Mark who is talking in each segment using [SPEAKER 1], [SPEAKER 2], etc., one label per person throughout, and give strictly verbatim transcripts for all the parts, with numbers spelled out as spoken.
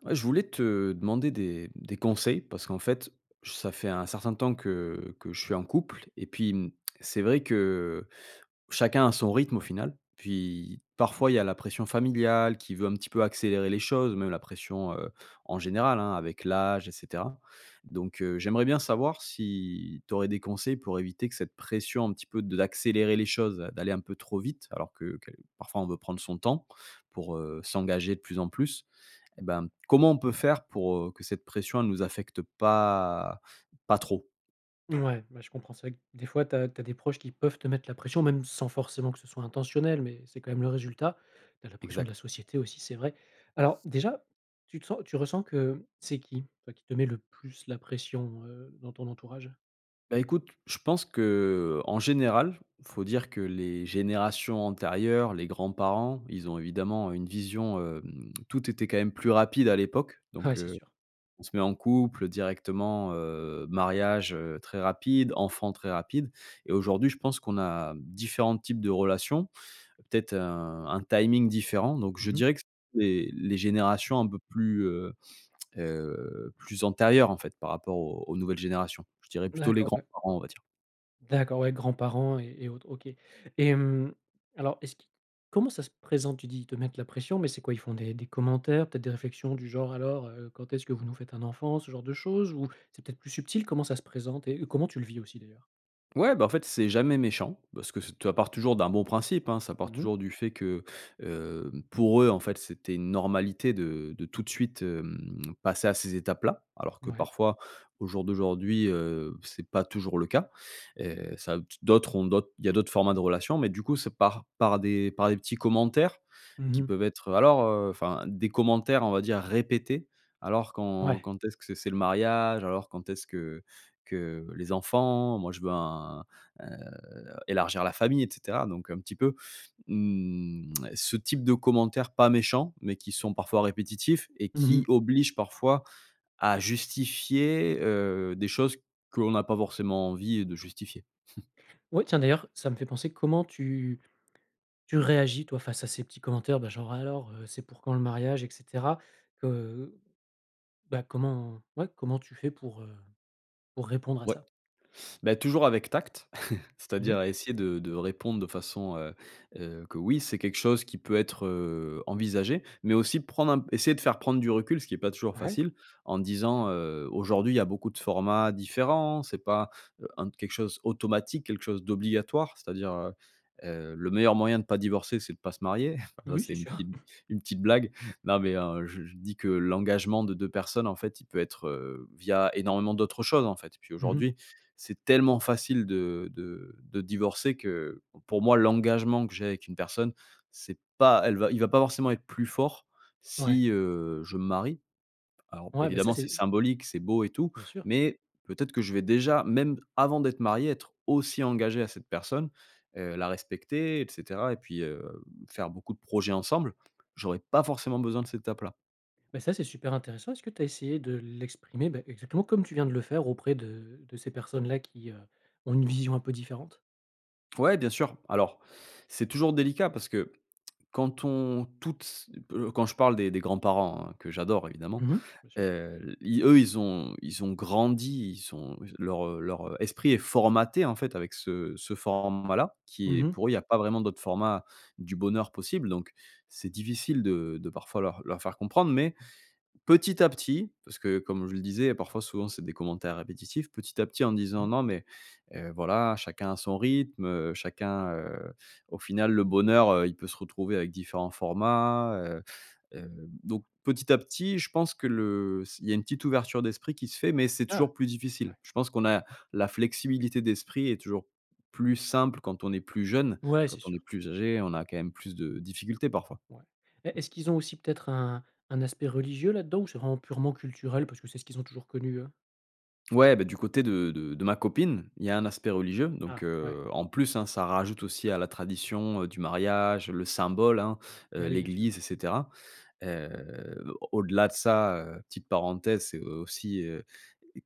[SPEAKER 1] Ouais, je voulais te demander des des conseils, parce qu'en fait, ça fait un certain temps que que je suis en couple et puis, mmh, c'est vrai que chacun a son rythme au final. Puis parfois, il y a la pression familiale, qui veut un petit peu accélérer les choses, même la pression, heu, en général hein, avec l'âge et cetera donc, heu, j'aimerais bien savoir si tu aurais des conseils pour éviter que cette pression, un petit peu de l'accélérer les choses, d'aller un peu trop vite alors que quel parfois on veut prendre son temps, pour, heu, s'engager de plus en plus. Eh ben, comment on peut faire pour, heu, que cette pression, elle nous affecte pas pas trop?
[SPEAKER 2] Ouais, bah, je comprends. C'est vrai que des fois, tu as tu as des proches qui peuvent te mettre la pression, même sans forcément que ce soit intentionnel, mais c'est quand même le résultat. Tu as la pression de la
[SPEAKER 1] Exact.
[SPEAKER 2] société aussi, c'est vrai. Alors déjà, tu te sens tu ressens que c'est qui? Toi, qui te met le plus la pression, heu, dans ton entourage?
[SPEAKER 1] Bah, écoute, je pense qu'en général, faut dire que les générations antérieures, les grands-parents, ils ont évidemment une vision, hem, tout était quand même plus rapide à l'époque donc,
[SPEAKER 2] Ouais, c'est
[SPEAKER 1] heu,
[SPEAKER 2] sûr.
[SPEAKER 1] on se met en couple directement, heu, mariage, heu, très rapide, enfant, très rapide et aujourd'hui, je pense qu'on a différents types de relation. Peut-être un un timing différent donc je
[SPEAKER 2] Mmh mh.
[SPEAKER 1] dirais que c'est les générations un peu plus, heu heu plus antérieures en fait, par rapport aux aux nouvelles générations. Je dirais plutôt les
[SPEAKER 2] D'accord, ouais.
[SPEAKER 1] grands-parents, on va dire.
[SPEAKER 2] D'accord, ouais. Grands-parents et et autres OK. Et mmh, alors, est-ce qui comment ça se présente? Tu dis ils te mettent la pression, mais c'est quoi? Ils font des des commentaires? Peut-être des réflexions du genre: «Alors, heu, quand est-ce que vous nous faites un enfant?», ce genre de chose? Ou c'est peut-être plus subtil, comment ça se présente, et comment tu le vis aussi, d'ailleurs?
[SPEAKER 1] Ouais, bah en fait, c'est jamais méchant parce que c'est t ça part toujours d'un bon principe, hein, ça part
[SPEAKER 2] Mmh mh.
[SPEAKER 1] toujours du fait que, hem, pour eux, en fait, c'était une normalité de de tout de suite, hem, passer à ces étapes-là, alors que
[SPEAKER 2] Mouais.
[SPEAKER 1] parfois au jour d'aujourd'hui, heu, c'est pas toujours le cas. Et ça, t d'autres ont d'autres il y a d'autres formats de relation, mais du coup, c'est par par des par des petits commentaires
[SPEAKER 2] Mmh
[SPEAKER 1] qui
[SPEAKER 2] mh.
[SPEAKER 1] peuvent être: «Alors, heu» Enfin, des commentaires on va dire répétés: «Alors quand
[SPEAKER 2] Ouais.
[SPEAKER 1] quand est-ce que c'est c'est le mariage? Alors quand est-ce que que les enfants? Moi je veux un ,heu, élargir la famille», et cetera. Donc un petit peu, mmh, ce type de commentaires pas méchants, mais qui sont parfois répétitifs et
[SPEAKER 2] Mmh
[SPEAKER 1] qui
[SPEAKER 2] mh.
[SPEAKER 1] obligent parfois à justifier, heu, des choses qu'on n'a pas forcément envie de justifier.
[SPEAKER 2] Oui, tiens d'ailleurs, ça me fait penser: comment tu tu réagis toi, face à ces petits commentaires? Bah genre; «Alors, heu, c'est pour quand le mariage et cetera». Que bah, comment ouais, comment tu fais pour, heu, pour répondre à
[SPEAKER 1] Ouais.
[SPEAKER 2] ça?
[SPEAKER 1] Beh, toujours avec tact,
[SPEAKER 2] Mmh mh.
[SPEAKER 1] c'est-à-dire essayer de de répondre de façon, heu heu, que: «Oui, c'est quelque chose qui peut être, heu, envisagé». Mais aussi prendre un p essayer de faire prendre du recul, ce qui est pas toujours
[SPEAKER 2] Ouais.
[SPEAKER 1] facile. En disant, heu: «Aujourd'hui, il y a beaucoup de formats différents, c'est pas, heu, en quelque chose automatique, quelque chose d'obligatoire. C'est-à-dire, heu heu, le meilleur moyen de pas divorcer, c'est de pas se marier». Ça
[SPEAKER 2] Oui,
[SPEAKER 1] c'est
[SPEAKER 2] c'est
[SPEAKER 1] une
[SPEAKER 2] sûr.
[SPEAKER 1] petite une petite blague. Non mais en je je dis que l'engagement de deux personnes en fait, il peut être, heu, via, énormément d'autres choses, en fait. Puis
[SPEAKER 2] Mmh mh.
[SPEAKER 1] aujourd'hui, c'est tellement facile de de de divorcer que, pour moi l'engagement que j'ai avec une personne, c'est pas elle va il va pas forcément être plus fort,
[SPEAKER 2] Ouais.
[SPEAKER 1] si, heu, je me marie. Alors
[SPEAKER 2] Ouais, beh ça
[SPEAKER 1] évidemment, c'est
[SPEAKER 2] c'est
[SPEAKER 1] symbolique, c'est beau et tout,
[SPEAKER 2] Bien sûr.
[SPEAKER 1] mais peut-être que je vais déjà, même avant d'être marié, être aussi engagé à cette personne, heu, la respecter, et cetera et puis, heu, faire beaucoup de projets ensemble, j'aurais pas forcément besoin de cette étape-là.
[SPEAKER 2] Bah, ça c'est super intéressant. Est-ce que tu as essayé de l'exprimer, beh, exactement comme tu viens de le faire auprès de de ces personnes-là qui, heu, ont une vision un peu différente?
[SPEAKER 1] Ouais, bien sûr. Alors, c'est toujours délicat parce que, quand on toutes s heu, quand je parle des des grands-parents, hein, que j'adore évidemment,
[SPEAKER 2] Mmh mh, bien sûr.
[SPEAKER 1] heu, l lis eux ils ont ils ont grandi, ils sont s leur, heu leur esprit est formaté en fait avec ce ce format-là, qui est
[SPEAKER 2] Mmh mh.
[SPEAKER 1] pour eux il y a pas vraiment d'autre format du bonheur possible. Donc c'est difficile de de parfois leur leur faire comprendre. Mais petit à petit, parce que comme je le disais, parfois, souvent, c'est des commentaires répétitifs, petit à petit en disant:
[SPEAKER 2] Mmh.
[SPEAKER 1] «Non, mais, heu, voilà, chacun à son rythme, heu, chacun, heu au final, le bonheur, heu, il peut se retrouver avec différents formats heu». Heu, donc petit à petit, je pense que le s il y a une petite ouverture d'esprit qui se fait, mais c'est
[SPEAKER 2] Ah.
[SPEAKER 1] toujours plus difficile.
[SPEAKER 2] Ouais.
[SPEAKER 1] Je pense qu'on a la flexibilité d'esprit est toujours plus simple quand on est plus jeunes.
[SPEAKER 2] Ouais,
[SPEAKER 1] Quand
[SPEAKER 2] c'est
[SPEAKER 1] on est
[SPEAKER 2] sûr.
[SPEAKER 1] plus âgés, on a quand même plus de difficultés parfois.
[SPEAKER 2] Ouais. E est-ce qu'ils ont aussi peut-être un un aspect religieux là-dedans, ou c'est vraiment purement culturel parce que c'est ce qu'ils ont toujours connu, eux.
[SPEAKER 1] Ouais, bah, du côté de de de ma copine, il y a un aspect religieux. Donc,
[SPEAKER 2] Ah, ouais.
[SPEAKER 1] heu, en plus hein, ça rajoute aussi à la tradition, heu, du mariage, le symbole hein, heu,
[SPEAKER 2] Bah, oui, bien sûr.
[SPEAKER 1] l'église et cetera. Heu au au-delà de ça, heu, petite parenthèse, c'est, heu, aussi, heu,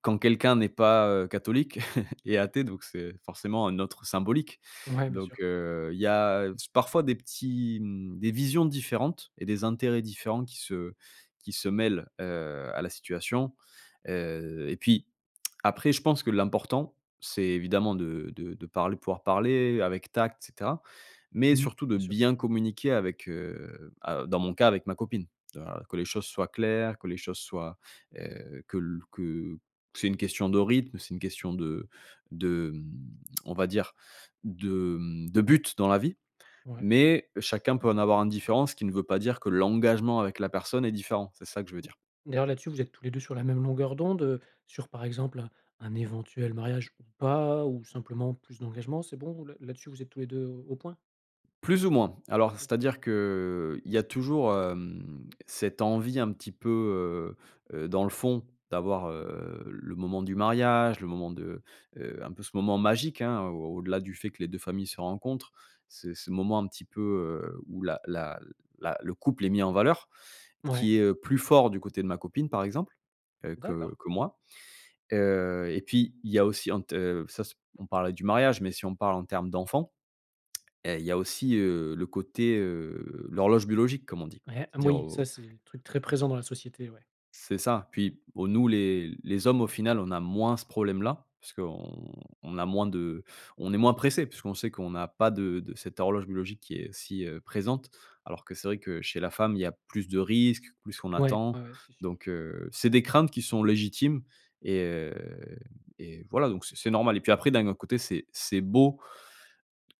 [SPEAKER 1] quand quelqu'un n'est pas, heu, catholique, est athée donc c'est forcément un autre symbolique.
[SPEAKER 2] Ouais bien
[SPEAKER 1] Donc,
[SPEAKER 2] sûr.
[SPEAKER 1] heu, il y a, heu, s parfois des petits m des visions différentes et des intérêts différents qui se qui se mêlent, heu, à la situation. Heu, et puis après je pense que l'important, c'est évidemment de de de parl pouvoir parler avec tact et cetera. Mais
[SPEAKER 2] Mmh mh,
[SPEAKER 1] surtout de
[SPEAKER 2] bien sûr.
[SPEAKER 1] bien communiquer avec, heu, à dans mon cas avec ma copine, heu, a que les choses soient claires, que les choses soient heu, que l que c'est une question de rythme, c'est une question de de, mmh on va dire de, mmh, de but dans la vie.
[SPEAKER 2] Ouais.
[SPEAKER 1] Mais chacun peut en avoir un différent, ce qui ne veut pas dire que l'engagement avec la personne est différent, c'est ça que je veux dire.
[SPEAKER 2] D'ailleurs là-dessus, vous êtes tous les deux sur la même longueur d'onde? Heu, sur par exemple un un éventuel mariage ou pas? Ou simplement plus d'engagement. C'est bon là là-dessus vous êtes tous les deux au point?
[SPEAKER 1] Plus ou moins. Alors, c'est-à-dire qu'il y a toujours, hem, cette envie un petit peu, heu heu, dans le fond, d'avoir, heu, le moment du mariage, le moment de heu, un peu ce moment magique hein, au au-delà du fait que les deux familles se rencontrent. C'est ce moment un petit peu, heu, où la la la le couple est mis en valeur,
[SPEAKER 2] Mouais.
[SPEAKER 1] qui est, heu, plus fort du côté de ma copine par exemple, heu, que
[SPEAKER 2] D'accord.
[SPEAKER 1] que moi. Heu, et puis il y a aussi en t heu, ça s on parlait du mariage, mais si on parle en termes d'enfants, heu, il y a aussi, heu, le côté, heu l'horloge biologique comme on dit.
[SPEAKER 2] Ouais, heu,
[SPEAKER 1] C'est-à-dire
[SPEAKER 2] moui,
[SPEAKER 1] au
[SPEAKER 2] ça c'est truc très présent dans la société, ouais.
[SPEAKER 1] C'est ça. Puis o nous les les hommes, au final, on a moins ce problème-là parce qu'on on a moins de on est moins pressés, puisqu'on sait qu'on n'a pas de de cette horloge biologique qui est si, heu, présente. Alors que, c'est vrai que chez la femme, il y a plus de risques, plus on
[SPEAKER 2] Ouais,
[SPEAKER 1] attend.
[SPEAKER 2] ouais, ouais, c'est sûr.
[SPEAKER 1] Donc, heu, c'est des craintes qui sont légitimes et heu, et voilà, donc c'est c'est normal et puis après, d'un autre côté, c'est c'est beau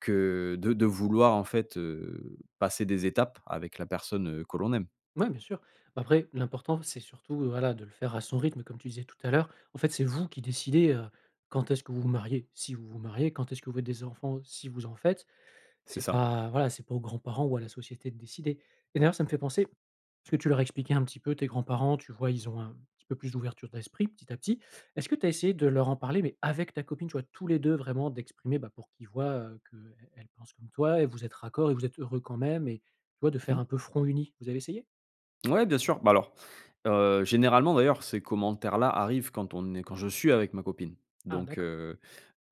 [SPEAKER 1] que de de vouloir en fait, heu, passer des étapes avec la personne, heu, que l'on aime.
[SPEAKER 2] Ouais, bien sûr. Bah après, l'important, c'est surtout, voilà, de le faire à son rythme, comme tu disais tout à l'heure. En fait, c'est vous qui décidez, heu, quand est-ce que vous vous mariez. Si vous vous mariez, quand est-ce que vous faites des enfants, si vous en faites.
[SPEAKER 1] C'est
[SPEAKER 2] C'est
[SPEAKER 1] ça.
[SPEAKER 2] pas, voilà, c'est pas aux grands-parents ou à la société de décider. Et d'ailleurs, ça me fait penser, est ce que tu leur as expliqué un petit peu, tes grands-parents? Tu vois, ils ont un petit peu plus d'ouverture d'esprit, petit à petit, est-ce que tu as essayé de leur en parler, mais avec ta copine, tu vois? Tous les deux, vraiment d'exprimer, bah, pour qu'ils voient, heu, qu'elle elle pense comme toi et vous êtes raccord et vous êtes heureux quand même, et tu vois de
[SPEAKER 1] Mmh
[SPEAKER 2] faire
[SPEAKER 1] mh.
[SPEAKER 2] un peu front uni? Vous avez essayé?
[SPEAKER 1] Ouais, bien sûr, bah, alors heu, généralement, d'ailleurs, ces commentaires-là arrivent quand on est quand je suis avec ma copine.
[SPEAKER 2] Ah
[SPEAKER 1] Donc,
[SPEAKER 2] d'accord.
[SPEAKER 1] heu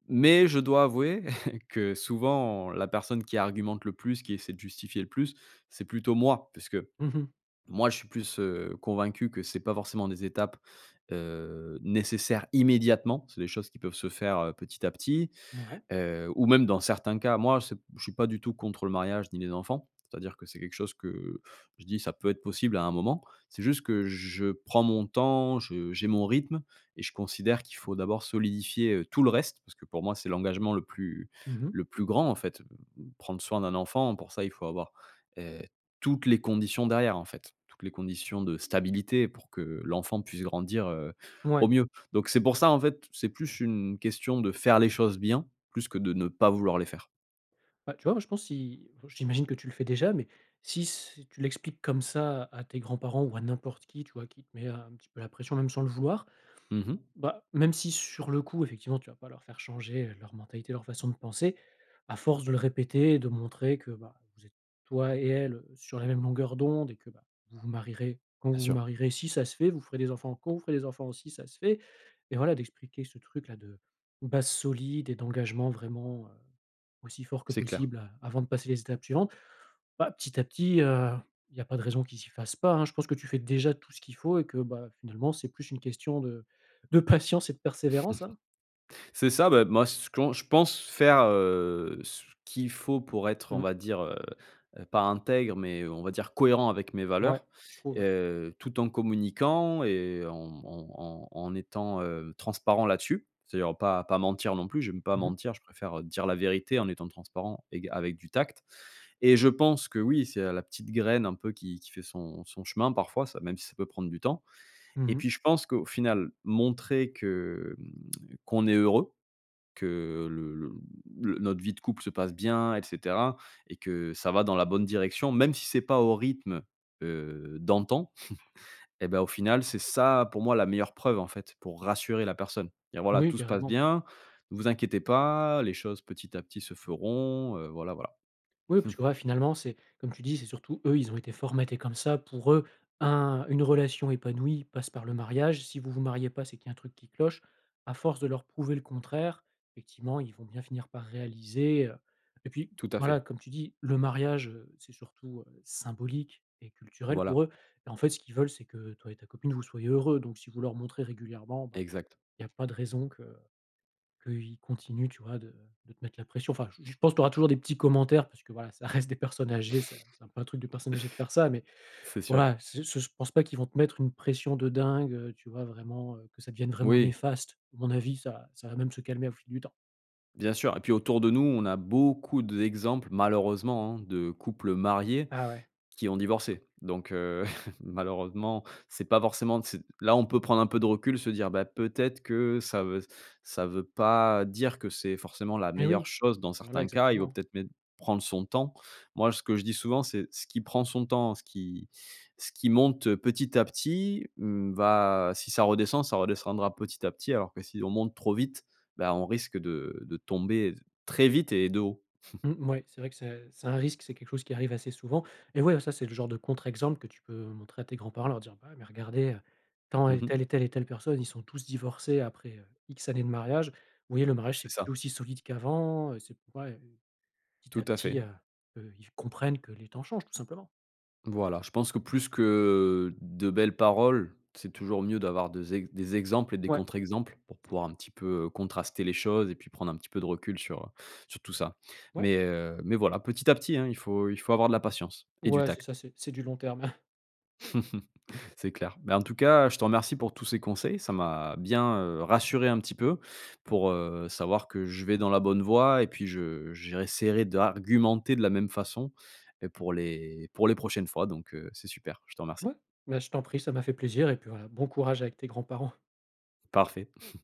[SPEAKER 1] mais je dois avouer que, souvent, la personne qui argumente le plus, qui essaie de justifier le plus, c'est plutôt moi, puisque
[SPEAKER 2] Mmh mh.
[SPEAKER 1] moi, je suis plus, heu, convaincu que c'est pas forcément des étapes, heu, nécessaires immédiatement. C'est des choses qui peuvent se faire, heu, petit à petit.
[SPEAKER 2] Ouais.
[SPEAKER 1] Heu, ou même dans certains cas, moi, c'est p je suis pas du tout contre le mariage ni les enfants, c'est-à-dire que c'est quelque chose que je dis: «Ça peut être possible à un moment». C'est juste que je prends mon temps, je j'ai mon rythme et je considère qu'il faut d'abord solidifier, heu, tout le reste, parce que pour moi, c'est l'engagement le plus
[SPEAKER 2] Mmh mh.
[SPEAKER 1] le plus grand, en fait. B b prendre soin d'un enfant, pour ça, il faut avoir, heu, toutes les conditions derrière en fait, toutes les conditions de stabilité pour que l'enfant puisse grandir, heu, au
[SPEAKER 2] Ouais.
[SPEAKER 1] mieux. Donc, c'est pour ça, en fait, c'est plus une question de faire les choses bien, plus que de ne pas vouloir les faire.
[SPEAKER 2] Bah, tu vois, moi je pense si, heu, j'imagine que tu le fais déjà, mais si s tu l'expliques comme ça à tes grands-parents ou à n'importe qui, tu vois, qui te met un petit peu la pression, même sans le vouloir.
[SPEAKER 1] Mmh mh.
[SPEAKER 2] Bah, même si sur le coup, effectivement, tu vas pas leur faire changer leur mentalité, leur façon de penser, à force de le répéter et de montrer que, bah, vous êtes, toi et elle, heu, sur la même longueur d'onde, et que bah, vous vous marierez, quand
[SPEAKER 1] Bien
[SPEAKER 2] vous vous
[SPEAKER 1] sûr.
[SPEAKER 2] marierez, si ça se fait, vous ferez des enfants, quand vous ferez des enfants, si ça se fait. Et voilà, d'expliquer ce truc-là de base solide et d'engagement vraiment, heu, aussi fort que
[SPEAKER 1] C'est clair.
[SPEAKER 2] possible a avant de passer les étapes suivantes. Bah, petit à petit, heu, il y a pas de raison qu'ils s'y fassent pas, hein. Je pense que tu fais déjà tout ce qu'il faut et que, bah, finalement, c'est plus une question de de patience et de persévérance, hein.
[SPEAKER 1] C'est ça, beh, moi, ce qu'en je pense faire, heu, ce qu'il faut pour être on
[SPEAKER 2] Mmh.
[SPEAKER 1] va dire, heu heu, pas intègre, mais, heu, on va dire cohérent avec mes
[SPEAKER 2] Ouais,
[SPEAKER 1] valeurs.
[SPEAKER 2] je trouve
[SPEAKER 1] Et
[SPEAKER 2] ouais.
[SPEAKER 1] heu, tout en communiquant et en en en en étant, heu, transparent là-dessus. C'est-à-dire pas pas mentir non plus, j'aime pas
[SPEAKER 2] Mmh mh.
[SPEAKER 1] mentir, je préfère, heu, dire la vérité en étant transparent éga avec du tact. Et je pense que oui, c'est a la petite graine un peu qui qui fait son son chemin, parfois ça même si ça peut prendre du temps.
[SPEAKER 2] Mmh
[SPEAKER 1] Et
[SPEAKER 2] mh.
[SPEAKER 1] puis, je pense qu'au final, montrer que, mmh, qu'on est heureux, que le le, mmh, le notre vie de couple se passe bien, et cetera. Et que ça va dans la bonne direction, même si c'est pas au rythme, heu, d'antan, et bah au final, c'est ça, pour moi, la meilleure preuve en fait, pour rassurer la personne. Dire: «Voilà,
[SPEAKER 2] Moui,
[SPEAKER 1] tout se passe
[SPEAKER 2] carrément.
[SPEAKER 1] bien, vous inquiétez pas, les choses, petit à petit, se feront», heu, voilà, voilà.
[SPEAKER 2] Oui, parce que, voilà finalement, c'est, comme tu dis, c'est surtout eux, ils ont été formatés comme ça. Pour eux, un une relation épanouie passe par le mariage. Si vous vous mariez pas, c'est qu'il y a un truc qui cloche. À force de leur prouver le contraire, effectivement, ils vont bien finir par réaliser, heu et puis
[SPEAKER 1] Tout à fait.
[SPEAKER 2] voilà, comme tu dis, le mariage, heu, c'est surtout, heu, symbolique et culturel
[SPEAKER 1] Voilà.
[SPEAKER 2] pour eux. Et en fait, ce qu'ils veulent, c'est que toi et ta copine vous soyez heureux. Donc, si vous leur montrez régulièrement, bah,
[SPEAKER 1] Exact.
[SPEAKER 2] il y a pas de raison que qu'ils continuent, tu vois, de de te mettre la pression. Enfin, je je pense que tu auras toujours des petits commentaires, parce que voilà, ça reste des personnes âgées, ça, c'est un peu un truc de personnes âgées de faire ça. Mais
[SPEAKER 1] C'est sûr.
[SPEAKER 2] voilà, c'est j ce s pense pas qu'ils vont te mettre une pression de dingue, heu, tu vois? Vraiment, heu, que ça devienne vraiment
[SPEAKER 1] Moui.
[SPEAKER 2] néfaste, à mon avis, ça ça va même se calmer au fil du temps.
[SPEAKER 1] Bien sûr. Et puis autour de nous, on a beaucoup d'exemples malheureusement, hein, de couples mariés
[SPEAKER 2] Ah ouais.
[SPEAKER 1] qui ont divorcé. Donc, heu, malheureusement, c'est pas forcément d c'est là, on peut prendre un peu de recul, se dire: «Bah, peut-être que ça veut ça veut pas dire que c'est forcément la
[SPEAKER 2] Mais
[SPEAKER 1] meilleure
[SPEAKER 2] oui!
[SPEAKER 1] chose. Dans
[SPEAKER 2] Voilà,
[SPEAKER 1] certains cas, il vaut
[SPEAKER 2] exactement.
[SPEAKER 1] peut-être même prendre son temps». Moi, ce que je dis souvent, c'est: «Ce qui prend son temps, ce qui ce qui monte, heu, petit à petit, mmh va si ça redescend ça redescendra petit à petit». Alors que si on monte trop vite, bah, on risque de de tomber, très vite et de haut.
[SPEAKER 2] Mmh, mouais, c'est vrai que c'est c'est un risque, c'est quelque chose qui arrive assez souvent et ouais, heu, ça c'est le genre de contre-exemple que tu peux montrer à tes grands-parents, leur dire: «Bah, ouais, mais regardez, heu, tant,
[SPEAKER 1] Mmh
[SPEAKER 2] elle,
[SPEAKER 1] mh.
[SPEAKER 2] telle et telle et telle personne, ils sont tous divorcés après, heu, X années de mariage. Vous voyez, le mariage
[SPEAKER 1] C'est
[SPEAKER 2] c'est
[SPEAKER 1] ça.
[SPEAKER 2] plus aussi solide qu'avant, heu, c'est plus pareil, heu». Petit à
[SPEAKER 1] Tout à
[SPEAKER 2] petit, heu
[SPEAKER 1] fait.
[SPEAKER 2] heu, ils v comprennent que les temps changent, tout simplement!
[SPEAKER 1] Voilà. Je pense que plus que de belles paroles, c'est toujours mieux d'avoir des ex des exemples et des
[SPEAKER 2] Ouais.
[SPEAKER 1] contre-exemples pour
[SPEAKER 2] C'est
[SPEAKER 1] pouvoir
[SPEAKER 2] clair.
[SPEAKER 1] un petit peu, heu, contraster les choses et puis prendre un petit peu de recul sur, heu, sur tout ça.
[SPEAKER 2] Ouais.
[SPEAKER 1] Mais, heu mais voilà, petit à petit, hein. Il faut il faut avoir de la patience et du
[SPEAKER 2] Ouais, c'est
[SPEAKER 1] tact.
[SPEAKER 2] ça, c'est c'est du long terme!
[SPEAKER 1] C'est clair. Bah, en tout cas, je te remercie pour tous ces conseils, ça m'a bien, heu, rassuré un petit peu pour, heu, savoir que je vais dans la bonne voie et puis je je réessaierai d'argumenter de la même façon, et pour les pour les prochaines fois. Donc, heu, c'est super, je te remercie.
[SPEAKER 2] Mouais! Mais je t'en prie, ça m'a fait plaisir et puis voilà, bon courage avec tes grands-parents!
[SPEAKER 1] Parfait.